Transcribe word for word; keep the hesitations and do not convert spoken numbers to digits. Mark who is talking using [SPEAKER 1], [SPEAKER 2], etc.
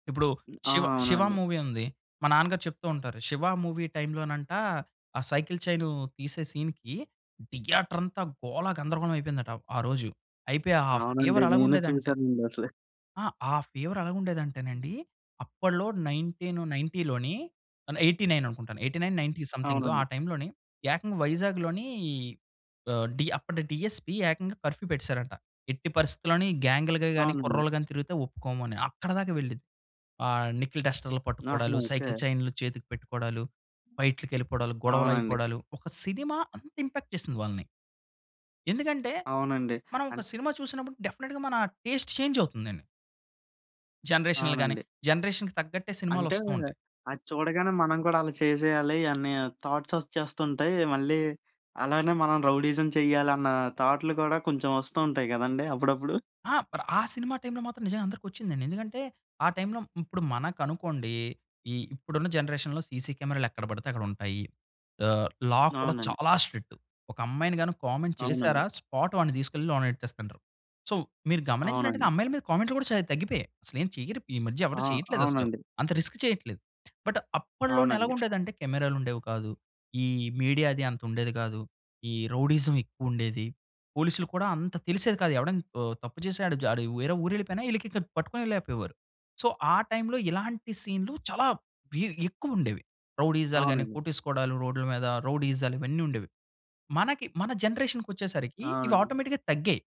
[SPEAKER 1] ఇప్పుడు
[SPEAKER 2] ఆ!
[SPEAKER 1] 'శివ', 'శివ'
[SPEAKER 2] అవునండి.
[SPEAKER 1] మూవీ ఉంది. మా నాన్నగారు చెప్తూ ఉంటారు. 'శివ' మూవీ టైమ్‌లోనంట, ఆ సైకిల్ చైను తీసే సీన్‌కి, థియేటర్ అంతా గోల గందరగోళం అయిపోయిందట, ఆ రోజు. అయిపోయి ఆ
[SPEAKER 2] అవునండి.
[SPEAKER 1] ఫీవర్
[SPEAKER 2] నేనూ
[SPEAKER 1] అలాగుండేదంటే
[SPEAKER 2] చూశానండి అసలు.
[SPEAKER 1] ఆ! ఆ ఫీవర్ అలాగుండేదంటే నండి, అప్పట్లో నైన్టీన్ నైన్టీ‌ అంటే ఎయి‌టీ నైన్ అనుకుంటాను. ఎయిటీ నైన్ నైన్టీ సమ్‌థింగ్ ఆ
[SPEAKER 2] అవునండి.
[SPEAKER 1] టైమ్‌లోని ఏకంగా వైజాగ్‌లోని ఆహ్, డీ అప్పటి డీఎస్పీ ఏకంగా కర్ఫ్యూ పెట్టేశారంట. ఎట్టి పరిస్థితిలోని గ్యాంగ్‌లు‌గా గానీ,
[SPEAKER 2] అవునండి.
[SPEAKER 1] కుర్రోళ్ళు గాని తిరిగితే ఒప్పుకోము అని. అక్కడిదాకా వెళ్ళింది. ఆహ్, నికిల్ డస్టర్‌లు
[SPEAKER 2] నహా!
[SPEAKER 1] పట్టుకోడాలు,
[SPEAKER 2] ఓకే.
[SPEAKER 1] సైకిల్ చైన్‌లు చేతికి పెట్టుకోడాలు, ఫైట్‌లకి వెళ్ళిపోడాలు,
[SPEAKER 2] అవునండి.
[SPEAKER 1] గొడవలయిపోడాలు, ఒక సినిమా అంత ఇంపాక్ట్ చేసింది వాళ్ళని. ఎందుకంటే,
[SPEAKER 2] అవునండి.
[SPEAKER 1] మనం ఒక
[SPEAKER 2] అంటే
[SPEAKER 1] సినిమా చూసినప్పుడు డెఫినిట్‌గా మన టేస్ట్ చేంజ్ అవుతుందని. జనరేషన్‌లు గాని,
[SPEAKER 2] అవునండి.
[SPEAKER 1] జనరేషన్‌కి తగ్గట్టే
[SPEAKER 2] అంటే
[SPEAKER 1] సినిమాలొస్తూ ఉంటయి.
[SPEAKER 2] అది చూడగానే మనం గూడా అలా చేసేయాలి అని థాట్స్ ఒస్‌చ్చేస్తుంటయి. మళ్ళీ అలానే మనం రౌడీయిజం చెయ్యాలన్న థాట్‌లు కూడా కొంచెం వస్తూ ఉంటాయి గదండీ! అప్పుడప్పుడు.
[SPEAKER 1] ఆ! అపుడు ఆ సినిమా టైమ్‌లో మాత్రం నిజంగా అందరికొచ్చిందండి. ఎందుకంటే ఆ టైమ్‌లో ఇప్పుడు మనకనుకోండి, ఈ ఇప్పుడున్న జనరేషన్‌లో సీసీ కెమెరాలెక్కడ పడితే అక్కడుంటాయి. ఆహ్, లా కూడా
[SPEAKER 2] అవునండి.
[SPEAKER 1] చాలా స్ట్రిక్ట్. ఒక అమ్మాయిని గాని కామెంట్
[SPEAKER 2] అవునండి.
[SPEAKER 1] చేశారా, స్పాట్ వాడిని తీసుకెళ్లి లోన ఎట్టేస్తండ్రు. సో, మీరు గమనించినట్టయితే,
[SPEAKER 2] అవునండి.
[SPEAKER 1] అమ్మాయిల మీద కామెంట్‌లు గూడా చాలా తగ్గిపోయాయి. అసలేం చెయ్యరిప్ ఈ మధ్య
[SPEAKER 2] ఆ!
[SPEAKER 1] ఎవరు చేయట్లేదసలు.
[SPEAKER 2] అవునండి.
[SPEAKER 1] అంత రిస్క్ చేయట్లేదు. బట్
[SPEAKER 2] అవునండి.
[SPEAKER 1] అప్పట్లో‌నెలాగుండేదంటే కెమెరాలుండేవి కాదు. ఈ మీడియా అదీ అంతుండేది కాదు. ఈ రౌడీయిజం ఎక్కువుండేది. పోలీసులకి కూడా అంత తెలిసేది కాదు. ఎవడన్ ఆహ్, తప్పు జేసినాడు వాడు వేరే ఊరెళ్ళిపోయినా ఈళ్ళకికన్ పట్టుకునే లేపోయేవారు. సో, ఆ టైమ్‌లో ఇలాంటి సీన్‌లు చాలా బీ ఎక్కువుండేవి. రౌడీయిజాలు గాని,
[SPEAKER 2] అవునండి.
[SPEAKER 1] కొట్టేసుకోడాలు రోడ్ల మీద, రౌడీయిజాలు, ఇవన్నీ ఉండేవి. మనకి మన జనరేషన్‌కొచ్చేసరికి
[SPEAKER 2] అవునండి.
[SPEAKER 1] ఇవాటోమేటిక్‌గా తగ్గాయి.